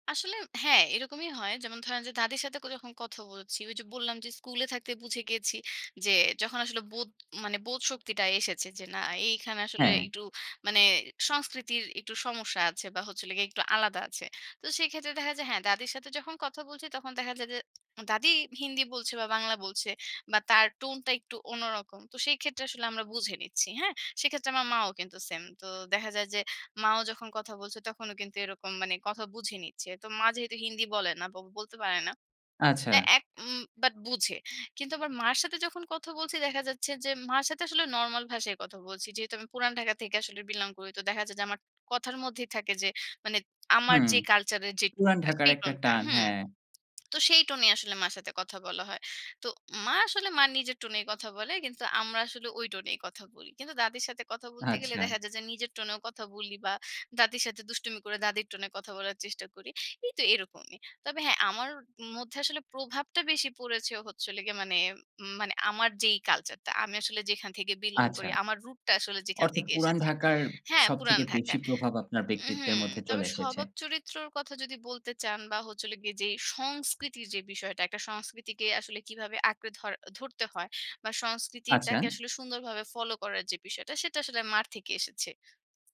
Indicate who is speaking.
Speaker 1: আসলে হ্যাঁ। এরকমই হয়। যেমন ধরেন যে দাদীর সাথে [unintelligible] যখন কথা বলছি, ওই যে বললাম যে স্কুলে থাকতে বুঝে গিয়েছি যে যখন আসলে বোধ মানে বোধশক্তিটা এসেছে যে না এইখানে আসলে
Speaker 2: হ্যাঁ।
Speaker 1: একটু মানে সংস্কৃতির একটু সমস্যা আছে। বা হচ্ছিল গে একটু আলাদা আছে। তো সেক্ষেত্রে দেখা যায় হ্যাঁ দাদীর সাথে যখন কথা বলছি তখন দেখা যায় যে দাদী হিন্দি বলছে বা বাংলা বলছে বা তার টোনটা একটু অন্যরকম। তো সেই ক্ষেত্রে আসলে আমরা বুঝে নিচ্ছি, হ্যাঁ? সেক্ষেত্রে আমার মাও কিন্তু সেম। তো দেখা যায় যে মাও যখন কথা বলছে তখনও কিন্তু এরকম মানে কথা বুঝে নিচ্ছে। তো মা যেহেতু হিন্দি বলে না বলতে পারে না
Speaker 2: আচ্ছা।
Speaker 1: হ্যাঁ, এক উম বাট বুঝে। কিন্তু আবার মার সাথে যখন কথা বলছি দেখা যাচ্ছে যে মার সাথে আসলে নরমাল ভাষায় কথা বলছি। যেহেতু আমি পুরাণ ঢাকা থেকে আসলে বিলং করি তো দেখা যায় যে আমার কথার মধ্যেই থাকে যে মানে আমার
Speaker 2: হুম,
Speaker 1: যে কালচারের যে
Speaker 2: পুরাণ
Speaker 1: টোনটা,
Speaker 2: ঢাকার
Speaker 1: সেই
Speaker 2: একটা
Speaker 1: টোনটা
Speaker 2: টান,
Speaker 1: হুম।
Speaker 2: হ্যাঁ।
Speaker 1: তো সেই টোনে আসলে মার সাথে কথা বলা হয়। তো মা আসলে মা নিজের টোনেই কথা বলে কিন্তু আমরা আসলে ওই টোনেই কথা বলি। কিন্তু দাদির সাথে কথা বলতে গেলে
Speaker 2: আচ্ছা।
Speaker 1: দেখা যায় যে নিজের টোনেও কথা বলি বা দাদির সাথে দুষ্টুমি করে দাদির টোনে কথা বলার চেষ্টা করি। এই তো এরকমই। তবে হ্যাঁ, আমার মধ্যে আসলে প্রভাবটা বেশি পড়েছে হচ্ছে হলো গিয়ে মানে উম মানে আমার যেই কালচারটা, আমি আসলে যেখান থেকে বিলং করি,
Speaker 2: আচ্ছা,
Speaker 1: আমার রুটটা আসলে যেখান
Speaker 2: অর্থাৎ
Speaker 1: থেকে
Speaker 2: পুরাণ
Speaker 1: এসেছে
Speaker 2: ঢাকার
Speaker 1: হ্যাঁ, পুরাণ
Speaker 2: সবথেকে
Speaker 1: ঢাকা।
Speaker 2: বেশি প্রভাব আপনার
Speaker 1: উ
Speaker 2: ব্যক্তিত্বের
Speaker 1: হুম,
Speaker 2: মধ্যে
Speaker 1: তবে
Speaker 2: চলে এসেছে।
Speaker 1: স্বভাব চরিত্রর কথা যদি বলতে চান বা হচ্ছে হলো গিয়ে যে সংস্কৃতির যে বিষয়টা, একটা সংস্কৃতিকে আসলে কীভাবে আঁকড়ে ধর ধরতে হয়? বা
Speaker 2: আচ্ছা।
Speaker 1: সংস্কৃতিটাকে আসলে সুন্দরভাবে ফলো করার যে বিষয়টা সেটা আসলে মার থেকে এসেছে।